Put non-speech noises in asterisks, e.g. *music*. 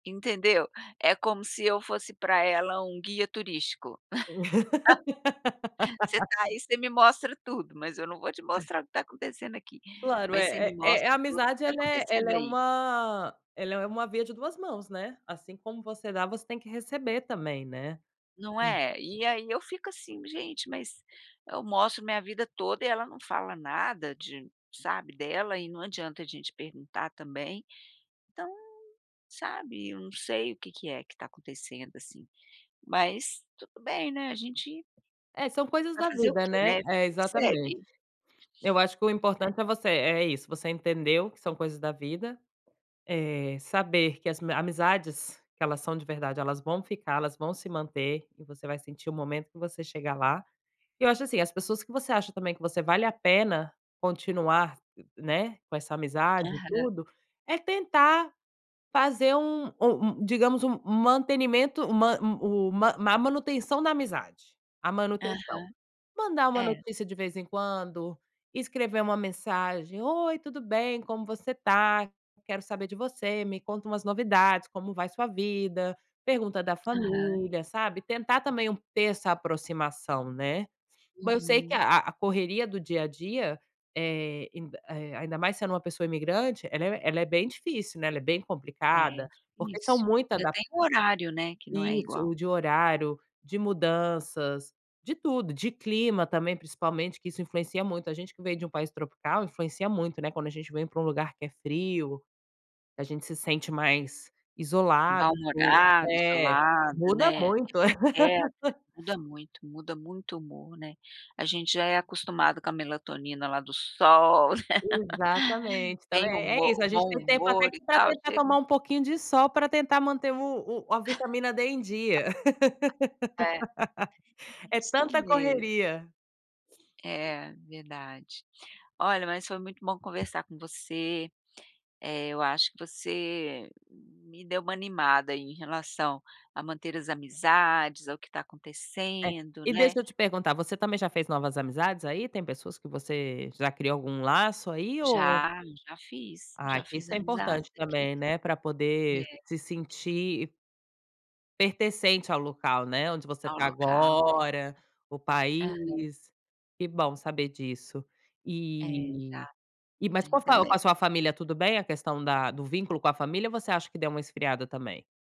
Entendeu? É como se eu fosse pra ela um guia turístico. *laughs* "Você tá aí, você me *laughs* mostra tudo, mas eu não vou te mostrar o que tá acontecendo aqui. Claro, Mas eh você me eh eh, a mostra tudo o amizade tá ela é acontecendo ela é aí". uma ela é uma via de 2 mãos, né. Assim como você dá, você tem que receber também, né. Não Hum. é. E aí eu fico, assim: "Gente, mas eu mostro minha vida toda e ela não fala nada de, sabe, dela". E não adianta a gente perguntar também, então, sabe, eu não sei o que que é que tá acontecendo, assim, mas tudo bem, né, a gente É, são coisas vai da fazer o vida, que, né. né, vida É, que segue. exatamente. Eu acho que o É. importante é você é isso, você entendeu que são coisas da vida, eh, saber que as amizades, que elas são de verdade, elas vão ficar, elas vão se manter e você vai sentir o momento que você chegar lá. E eu acho, assim, as pessoas que você acha também que você vale a pena continuar, né, com essa amizade e Aham. tudo, é tentar fazer um um digamos, um um mantenimento, uma uma a manutenção na amizade, a manutenção. Aham, Mandar uma é. notícia de vez em quando, escrever uma mensagem: "Oi, tudo bem, como você tá? Quero saber de você, me conta umas novidades. Como vai sua vida?". Pergunta da Aham. família, sabe. Tentar também ter essa aproximação, né. Mas eu sei que Uhum. a a correria do dia a dia, eh, ain eh, ainda mais sendo uma pessoa imigrante, ela é ela é bem difícil, né, ela é bem É, complicada, é porque são difícil. muita Ainda da tem o horário, né, que não é Isso igual. o de horário, de mudanças, de tudo, de clima também, principalmente que isso influencia muito. A gente que veio de um país tropical, influencia muito, né, quando a gente vem pra um lugar que é frio, a gente se sente mais isolado e tu Mal-humorado, é, isolado, muda né, muito. enfraquece, *laughs* muda muito, muda muito o humor, né. A gente já é acostumado com a melatonina lá do sol, *laughs* Exatamente. Então tem um é é isso, humo a gente bom tem tempo até humor e que pra tal, tentar chega tomar um pouquinho de sol, pra tentar manter o o a vitamina D em dia. *laughs* É. *laughs* É isso tanta me correria. É, verdade. Olha, mas foi muito bom conversar com você, eh, eu acho que você me deu uma animada em relação a manter as amizades, ao que tá É, acontecendo, e né. deixa eu te perguntar, você também já fez novas amizades aí? Tem pessoas que você já criou algum laço aí ou Já, já fiz, Ai, já que fiz isso é amizades importante aqui. também, né, pra poder É. se sentir pertencente ao local, né, onde você Ao tá local, é. agora, o Aham. país. Que bom saber disso. É, E exato. e mas qual Ainda foi com bem. a sua família, tudo bem a questão da do vínculo com a família ou você acha que deu uma esfriada também?